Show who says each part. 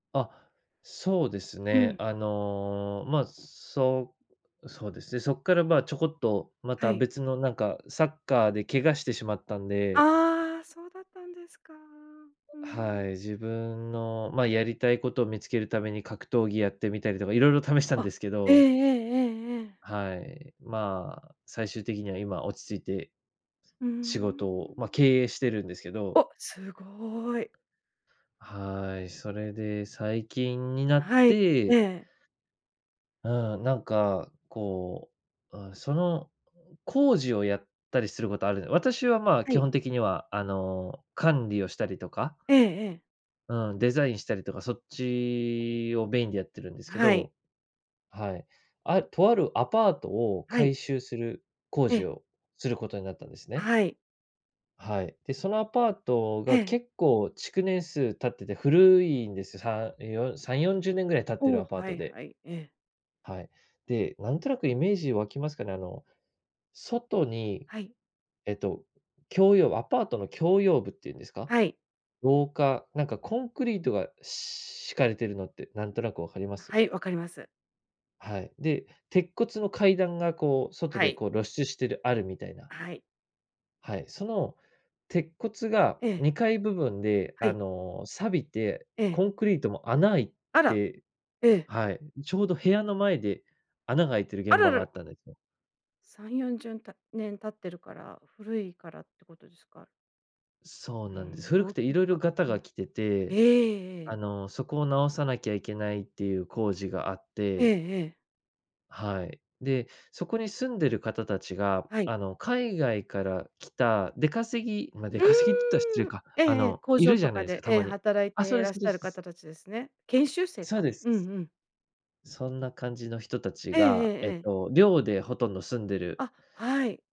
Speaker 1: あ、そうです
Speaker 2: う
Speaker 1: ね、
Speaker 2: ん。
Speaker 1: あの、まあ、そう、そうですね、そっから、まあ、ちょこっと、ま
Speaker 2: は
Speaker 1: た
Speaker 2: い。
Speaker 1: 別のなんか、サッカーで怪我してしまったんで
Speaker 2: ああ、そうだったんですか。うー
Speaker 1: はい、
Speaker 2: ん。
Speaker 1: 自分の、まあ、やりたい事を見つける為に、格闘技やってみたりとか、色々試したん
Speaker 2: あ、
Speaker 1: ですけ
Speaker 2: えええ
Speaker 1: ど。
Speaker 2: えええええ。
Speaker 1: はい、まあ、最終的には、今落ち着いて、
Speaker 2: うー
Speaker 1: 仕事を、ま、
Speaker 2: ん。
Speaker 1: 経営してるんですけど。
Speaker 2: お、凄い。
Speaker 1: はい、それで最近になっ
Speaker 2: はい、え
Speaker 1: て
Speaker 2: え。
Speaker 1: うん、なんかこう、うーん、その工事をやったりする事あるんで私は、まあ、
Speaker 2: は
Speaker 1: 基
Speaker 2: い。
Speaker 1: 本的には、あの、管理をしたりとか
Speaker 2: ええええ。
Speaker 1: うん、デザインしたりとか、そっちをメインでやってるんですけ
Speaker 2: はい。
Speaker 1: ど。はい。あ、とあるアパートを
Speaker 2: はい。
Speaker 1: 改修する工
Speaker 2: え
Speaker 1: 事
Speaker 2: え。
Speaker 1: をすることになったんですね。
Speaker 2: はい。
Speaker 1: はい、で、そのアパートが
Speaker 2: ええ。
Speaker 1: 結構、築年数経ってて古いんですよ。さよ3、40年ぐらい経ってる
Speaker 2: お、
Speaker 1: アパー
Speaker 2: は
Speaker 1: ト
Speaker 2: い
Speaker 1: で。
Speaker 2: はい、ええ。
Speaker 1: はい。で、なんとなくイメージ湧きますかね、あの、外に、
Speaker 2: はい。
Speaker 1: えっと、共用アパートの共用部って言うんですか、
Speaker 2: はい。
Speaker 1: 廊下、なんかコンクリートがし敷かれてるのって何となく分かります？
Speaker 2: はい、分かります。
Speaker 1: はい、で、鉄骨の階段が、こう外
Speaker 2: は
Speaker 1: で、
Speaker 2: い。
Speaker 1: こう露出してるあるみたいな。
Speaker 2: はい。
Speaker 1: はい、その鉄骨が
Speaker 2: ええ。
Speaker 1: 2階部分で、
Speaker 2: は
Speaker 1: あ
Speaker 2: い。
Speaker 1: の、錆びて、
Speaker 2: ええ。
Speaker 1: コンクリートも穴開い
Speaker 2: あら、
Speaker 1: て
Speaker 2: ええ。
Speaker 1: はい、ちょうど部屋の前で穴が開いてる
Speaker 2: あ
Speaker 1: 現
Speaker 2: ら
Speaker 1: 場
Speaker 2: ら
Speaker 1: があっ
Speaker 2: ら。
Speaker 1: たんですよ。
Speaker 2: さんよんじゅんた年経ってるから、古いからって事ですか？
Speaker 1: そう
Speaker 2: うー
Speaker 1: なんで
Speaker 2: ん、
Speaker 1: す、古く
Speaker 2: 老朽
Speaker 1: て色々
Speaker 2: 化。
Speaker 1: ガタ
Speaker 2: う
Speaker 1: が
Speaker 2: ん、
Speaker 1: 来て
Speaker 2: え
Speaker 1: て、
Speaker 2: ええ
Speaker 1: あ
Speaker 2: え。
Speaker 1: の、そこを直さなきゃいけないっていう工事があっ
Speaker 2: え
Speaker 1: て
Speaker 2: えええ。
Speaker 1: はい。で、そこに住んでる方たちが、
Speaker 2: はい。
Speaker 1: あの、海外から来た出稼ぎまあ、出
Speaker 2: う
Speaker 1: 稼ぎっつったら失礼
Speaker 2: ーん、
Speaker 1: か、
Speaker 2: ええ
Speaker 1: あ
Speaker 2: ええ、
Speaker 1: の、
Speaker 2: 工
Speaker 1: い
Speaker 2: 場
Speaker 1: るじ
Speaker 2: と
Speaker 1: ゃない
Speaker 2: か
Speaker 1: ですか、
Speaker 2: で、
Speaker 1: た
Speaker 2: ええ、
Speaker 1: まに。
Speaker 2: 働い
Speaker 1: あ、そ
Speaker 2: て
Speaker 1: う
Speaker 2: い
Speaker 1: で
Speaker 2: ら
Speaker 1: す
Speaker 2: っ
Speaker 1: そ
Speaker 2: し
Speaker 1: うで
Speaker 2: ゃ
Speaker 1: す
Speaker 2: る
Speaker 1: です。
Speaker 2: 方たちですね。研修生
Speaker 1: そう
Speaker 2: か。
Speaker 1: です。
Speaker 2: うんうん。
Speaker 1: そんな感じの人達
Speaker 2: えええ
Speaker 1: が、
Speaker 2: え
Speaker 1: えっ
Speaker 2: ええ。
Speaker 1: と、寮でほとんど住んでる
Speaker 2: あ、はい。